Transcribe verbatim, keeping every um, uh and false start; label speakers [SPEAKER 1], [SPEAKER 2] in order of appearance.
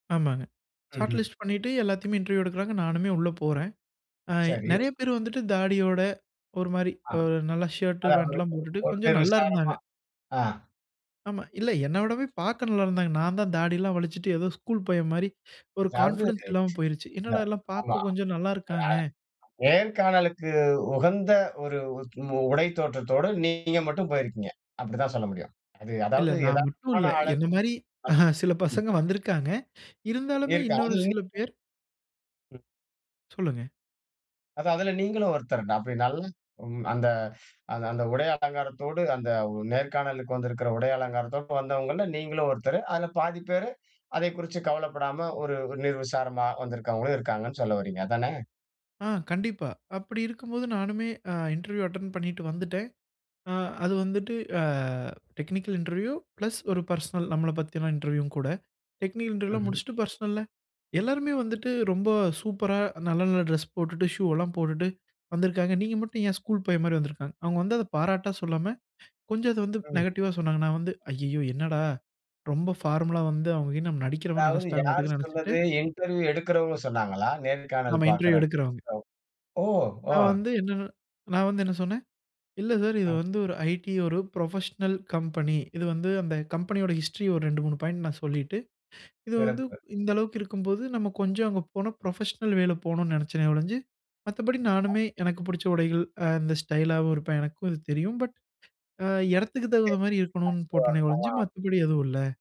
[SPEAKER 1] ஆமாங்க. ஷாட்
[SPEAKER 2] ம்ஹ்ம்.
[SPEAKER 1] லிஸ்ட் பண்ணிட்டு எல்லாத்தையும் இன்டெர்வியூ எடுக்குறாங்க. நானுமே உள்ள போறேன். அ
[SPEAKER 2] சரி.
[SPEAKER 1] நெறைய பேர் வந்துட்டு தாடியோட ஒரு மாரி
[SPEAKER 2] ஆ.
[SPEAKER 1] அ நல்லா ஷர்ட்,
[SPEAKER 2] அதாவது
[SPEAKER 1] ஃபேன்ட்லாம்
[SPEAKER 2] ஒ
[SPEAKER 1] போட்டுட்டு
[SPEAKER 2] ஒரு
[SPEAKER 1] கொஞ்சம் நல்லா
[SPEAKER 2] நிர்விசாரமா?
[SPEAKER 1] இருந்தாங்க.
[SPEAKER 2] ஆ.
[SPEAKER 1] ஆமா. இல்ல, என்ன விடவே பார்க்க நல்லா இருந்தாங்க. நான் தான் தாடிலாம் வளிச்சிட்டு, ஏதோ ஸ்கூல் பையன் மாரி, ஒரு
[SPEAKER 2] அதாவது,
[SPEAKER 1] கான்பிடென்ஸ் இல்லாம போயிருச்சு.
[SPEAKER 2] அ,
[SPEAKER 1] என்னடா! எல்லாம்
[SPEAKER 2] ஆமா.
[SPEAKER 1] பார்க்க கொஞ்சம் நல்லா இருக்காங்க.
[SPEAKER 2] அ நேர்காணலுக்கு உகந்த ஒரு உடை தோற்றத்தோடு நீங்க மட்டும் போயிருக்கீங்க. அப்டித்தான் சொல்ல முடியும். அது
[SPEAKER 1] இல்ல,
[SPEAKER 2] அதாவது
[SPEAKER 1] நான்
[SPEAKER 2] எதாவது
[SPEAKER 1] மட்டும்
[SPEAKER 2] ஒரு
[SPEAKER 1] இல்ல.
[SPEAKER 2] அளவு.
[SPEAKER 1] என்ன மாரி சில
[SPEAKER 2] [unintelligible]
[SPEAKER 1] பசங்க வந்திருக்காங்க. இருந்தாலுமே,
[SPEAKER 2] இருக்கு
[SPEAKER 1] இன்னொரு
[SPEAKER 2] அதுல இன்னி
[SPEAKER 1] சில பேர்
[SPEAKER 2] ம்.
[SPEAKER 1] சொல்லுங்க.
[SPEAKER 2] அதான். அதுல நீங்களும் ஒருத்தர்தா அப்டி நல்ல அந்த அந்த உடைய அலங்காரத்தோடு, அந்த நேர்காணலுக்கு வந்திருக்கிற உடைய அலங்காரத்தோடு வந்தவங்கள்ல நீங்களும் ஒருத்தர். அதுல பாதி பேரு அதைக் குறிச்சு கவலைப்படாம ஒரு நிர்விசாரமா வந்திருக்கவங்களும் இருக்காங்கன்னு சொல்ல வர்றீங்க, அதானே?
[SPEAKER 1] ஆ, கண்டிப்பா. அப்டி இருக்கும்போது நானுமே அ இன்டெர்வியூ அட்டென்ட் பண்ணிட்டு வந்துட்டேன். அ அது வந்துட்டு, அ டெக்னிக்கல் இன்டெர்வியூ ப்ளஸ் ஒரு பெர்சனல் நம்மள பத்தியெல்லாம் இன்டெர்வியூவும் கூட. டெக்னிக்கல் இன்டெர்வியூ எல்லாம்
[SPEAKER 2] ம்ஹ்ம்.
[SPEAKER 1] முடிச்சுட்டு பெர்சனல்ல எல்லாருமே வந்துட்டு ரொம்ப சூப்பரா, நல்ல, நல்ல டிரெஸ் போட்டுட்டு, ஷூ எல்லாம் போட்டுட்டு வந்திருக்காங்க. நீங்க மட்டும் ஏன் ஸ்கூல் பையன் மாரி வந்திருக்கீங்க? அவங்க வந்து அத பாராட்டா சொல்லாம, கொஞ்சம் அத வந்து
[SPEAKER 2] ம்.
[SPEAKER 1] நெகட்டிவ்வா சொன்னாங்க. நா வந்து, ஐயையோ! என்னடா, ரொம்ப ஃபார்மல்லா வந்து அவங்க என்னை நடிக்கறவன்னு
[SPEAKER 2] அதாவது
[SPEAKER 1] நெனைச்சிட்டாங்கன்னு மட்டும்
[SPEAKER 2] யார்
[SPEAKER 1] தான் நெனைச்சுட்டு
[SPEAKER 2] சொன்னது? இன்டெர்வியூ எடுக்கிறவங்க சொன்னாங்களா? நேர்காணல்
[SPEAKER 1] ஆமா,
[SPEAKER 2] பார்க்கிற.
[SPEAKER 1] இன்டெர்வியூ எடுக்குறவங்க.
[SPEAKER 2] [unintelligible] அ, ஓ! ஓ!
[SPEAKER 1] நான் வந்து என்னனா நான் வந்து என்ன சொன்னேன்? இல்ல சார், இது
[SPEAKER 2] ஆ.
[SPEAKER 1] வந்து ஒரு ஐ.டி ஒரு ப்ரொஃபஷ்னல் கம்பெனி இது வந்து அந்தக் கம்பெனியோட ஹிஸ்ட்ரி ஒரு ரெண்டு, மூணு பாயின்ட் நான் சொல்லிட்டு, இது வந்து
[SPEAKER 2] சிறப்பு.
[SPEAKER 1] இந்த அளவுக்கு இருக்கும்போது நம்ம கொஞ்சம் அங்க போன ப்ரொஃபஷ்னல் வேல போணும்னு நெனைச்சனே ஒழிஞ்சு. மத்தபடி
[SPEAKER 2] [unintelligible]
[SPEAKER 1] நானுமே எனக்குப் புடிச்ச உடைகள், அந்த ஸ்டைல்லாவும் இருப்பேன். எனக்கும் அது தெரியும். பட், அ இடத்துக்குத் தகுந்த மாரி இருக்கணும்னு போட்டேனே ஒழிஞ்சு,
[SPEAKER 2] [unintelligible]
[SPEAKER 1] மத்தபடி எதுவும் இல்ல.